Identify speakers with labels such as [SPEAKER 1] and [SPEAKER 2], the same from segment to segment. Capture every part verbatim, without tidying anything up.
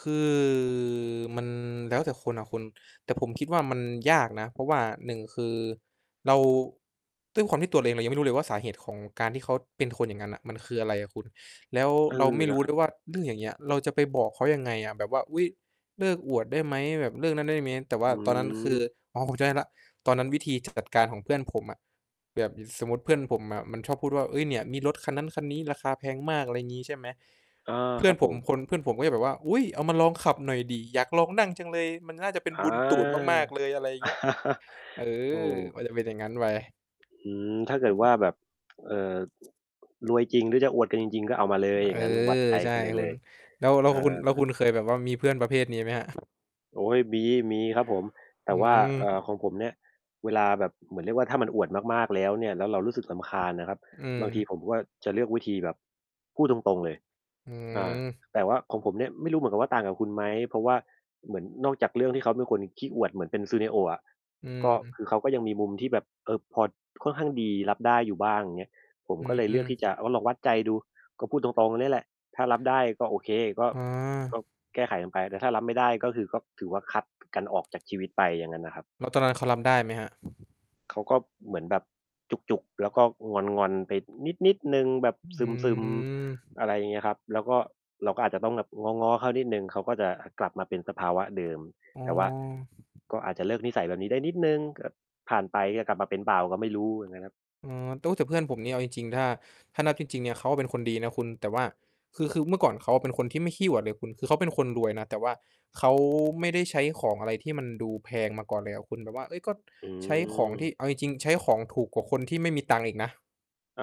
[SPEAKER 1] คือ มันแล้วแต่คนอะคุณ แต่ผมคิดว่ามันยากนะ เพราะว่า หนึ่ง คือเรา ด้วยความที่ตัวเราเองเรายังไม่รู้เลยว่าสาเหตุของการที่เขาเป็นคนอย่างงั้นน่ะ มันคืออะไรอะคุณ แล้ว
[SPEAKER 2] เออ
[SPEAKER 1] เราไม่
[SPEAKER 2] น
[SPEAKER 1] รู
[SPEAKER 2] ะ
[SPEAKER 1] ้
[SPEAKER 2] ค
[SPEAKER 1] เ
[SPEAKER 2] รั
[SPEAKER 1] ล
[SPEAKER 2] บ
[SPEAKER 1] ยว่า เรื่องอย่างเงี้ย เราจะไปบอกเขายังไงอะ แบบว่า อุ๊ย เลิกอวดได้ไหม แบบเลิกนั้นได้เมี้ย แต่ว่
[SPEAKER 2] อ
[SPEAKER 1] า
[SPEAKER 2] ื
[SPEAKER 1] ตอนนั้นคือ
[SPEAKER 2] ม
[SPEAKER 1] อ๋อ ผมจำได้แล้ว ตอนนั้นวิธีจัดการของเพื่อนผมอะ แบบสมมุติเพื่อนผมอะมันชอบพูดว่า "เฮ้ย เนี่ยมีรถคันนั้นคันนี้ราคาแพงมาก" อะไรอย่างงี้ ใช่ไหม
[SPEAKER 2] อา
[SPEAKER 1] เพื่
[SPEAKER 2] คร
[SPEAKER 1] อน
[SPEAKER 2] ับ
[SPEAKER 1] ผ
[SPEAKER 2] ผ
[SPEAKER 1] ม
[SPEAKER 2] ม
[SPEAKER 1] คน เพื่อนผมก็จะแบบว่า อุ๊ย เอามาลองขับหน่อยดิ อยากลองนั่งจังเลย มันน่าจะเป็น
[SPEAKER 2] อา
[SPEAKER 1] บุญตูดมาก ๆ เลย อะไรอย่างเงี้ย เอ
[SPEAKER 2] ถู
[SPEAKER 1] อ
[SPEAKER 2] ก
[SPEAKER 1] มันจะเป็นอย่างงั้นไป
[SPEAKER 2] อืม ถ้าเกิ
[SPEAKER 1] อื
[SPEAKER 2] ดว่
[SPEAKER 1] ม
[SPEAKER 2] าแบบ เอ่อ รวยจริงหรือจะอวดกันจริง ๆ ก็เอามาเลย อ
[SPEAKER 1] เ
[SPEAKER 2] ย
[SPEAKER 1] อ
[SPEAKER 2] ่า
[SPEAKER 1] อ
[SPEAKER 2] งงั้นวัดใจ
[SPEAKER 1] ใช่
[SPEAKER 2] กันไป
[SPEAKER 1] ค
[SPEAKER 2] เล
[SPEAKER 1] ุณ
[SPEAKER 2] ย
[SPEAKER 1] แล้ว แล้ว
[SPEAKER 2] อา
[SPEAKER 1] คุณ แล้วคุณเคยแบบว่ามีเพื่อนประเภทนี้ไหมครับ?
[SPEAKER 2] โอ๊ย มี มีครับผม แต
[SPEAKER 1] อ
[SPEAKER 2] ่
[SPEAKER 1] ื
[SPEAKER 2] ว่า เอ่อ ข
[SPEAKER 1] ม
[SPEAKER 2] องผมเนี่ย เวลาแบบ เหมือนเรียกว่าถ้ามันอวดมาก ๆ แล้วเนี่ย แล้วเรารู้สึกรำคาญนะครับ
[SPEAKER 1] อื
[SPEAKER 2] บา
[SPEAKER 1] ม
[SPEAKER 2] งทีผมก็จะเลือกวิธีแบบพูดตรง ๆ เลย
[SPEAKER 1] อื
[SPEAKER 2] อา
[SPEAKER 1] ม
[SPEAKER 2] แต่ว่าของผมเนี่ยไม่รู้เหมือนกับว่าต่างกับคุณไหม เพราะว่าเหมือนนอกจากเรื่องที่เขาเป็นคนขี้อวดเหมือนเป็น Suneo อะ
[SPEAKER 1] อื
[SPEAKER 2] ก็ค
[SPEAKER 1] ม
[SPEAKER 2] ือเขาก็ยังมีมุมที่แบบ เออ พอ ค่อนข้างดี รับได้อยู่บ้าง อย่างเงี้ย ผม
[SPEAKER 1] อื
[SPEAKER 2] ก็เลยเลือกที่จ
[SPEAKER 1] ม
[SPEAKER 2] ะว่า ลองวัดใจดู ก็พูดตรง ๆ เนี่ยแหละ ถ้ารับได้ก็โอเค ก็
[SPEAKER 1] อ๋อ
[SPEAKER 2] ก็แก้ไขกันไป แต่ถ้ารับไม่ได้ ก็คือก็ถือว่าคัดกันออกจากชีวิตไป อย่างงั้นน่ะครับ
[SPEAKER 1] แล้วตอนนั้นเขารับได้ไหมครับ?
[SPEAKER 2] เขาก็เหมือนแบบจุก ๆ แล้วก็งอน ๆ ไปนิด ๆ หนึ่ง แบบ
[SPEAKER 1] อ
[SPEAKER 2] ซ
[SPEAKER 1] ื
[SPEAKER 2] ึม
[SPEAKER 1] ม
[SPEAKER 2] ๆ อะไรอย่างเงี้ยครับ แล้วก็ เราก็อาจจะต้องแบบง้อ ๆ เขานิดหนึ่ง เขาก็จะกลับมาเป็นสภาวะเดิม
[SPEAKER 1] อ๋อ
[SPEAKER 2] แต่ว่า ก็อาจจะเลิกนิสัยแบบนี้ได้นิดหนึ่ง ก็ผ่านไปก็กลับมาเป็นเปล่าก็ไม่รู้เหมือนกันครับ
[SPEAKER 1] อ๋อ ตุ๊ แต่เพื่อนผมเนี่ยเอาจริง ๆ ถ้า ถ้านับจริง ๆ เนี่ยเขาเป็นคนดีนะคุณแต่ว่า คือ คือเมื่อก่อนเขาเป็นคนที่ไม่ขี้อวดเลยคุณ คือเขาเป็นคนรวยนะ แต่ว่าเขาไม่ได้ใช้ของอะไรที่มันดูแพงมาก่อนเลยอะคุณแบบว่า เฮ้ย ก็
[SPEAKER 2] อื
[SPEAKER 1] ใช้ของที
[SPEAKER 2] ม
[SPEAKER 1] ่ เอาจริง ๆ ใช้ของถูกกว่าคนที่ไม่มีตังค์อีกนะ
[SPEAKER 2] อ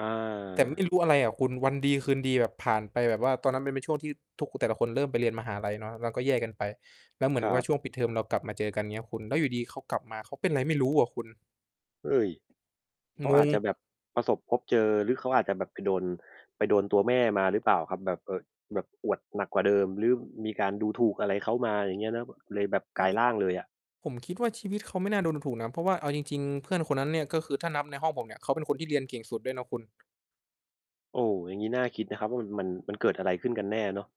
[SPEAKER 1] แต่ไม่
[SPEAKER 2] า
[SPEAKER 1] รู้อะไรอะคุณ วันดีคืนดีแบบผ่านไปแบบว่า ตอนนั้นมันเป็นช่วงที่ทุก แต่ละคนเริ่มไปเรียนมหาลัยเนาะ เราก็แยกกันไป แล้วเหมือ
[SPEAKER 2] ค
[SPEAKER 1] น
[SPEAKER 2] รั
[SPEAKER 1] ว่า
[SPEAKER 2] บ
[SPEAKER 1] ช่วงปิดเทอมเรากลับมาเจอกัน เงี้ยคุณ แล้วอยู่ดี ๆ เขากลับมาเขาเป็นไรไม่รู้ว่ะคุณ
[SPEAKER 2] เฮ้ย เข
[SPEAKER 1] ง
[SPEAKER 2] าอาจ
[SPEAKER 1] ง
[SPEAKER 2] จะแบบประสบพบเจอ หรือเขาอาจจะแบบไปโดน ไปโดนตัวแม่มาหรือเปล่าครับ แบบ เออ แบบอวดหนักกว่าเดิม หรือมีการดูถูกอะไรเขามา อย่างเงี้ย แล้วเลย แบบกลายร่างเลยอะ
[SPEAKER 1] ผมคิดว่าชีวิตเขาไม่น่าโดนดูถูกนะ เพราะว่าเอาจริง ๆ เพื่อนคนนั้นเนี่ย ก็คือถ้านับในห้องผมเนี่ยเขาเป็นคนที่เรียนเก่งสุดด้วยนะคุณ
[SPEAKER 2] โอ้ อย่างงี้น่าคิดนะครับว่า มัน มันเกิดอะไรขึ้นกันแน่เนาะ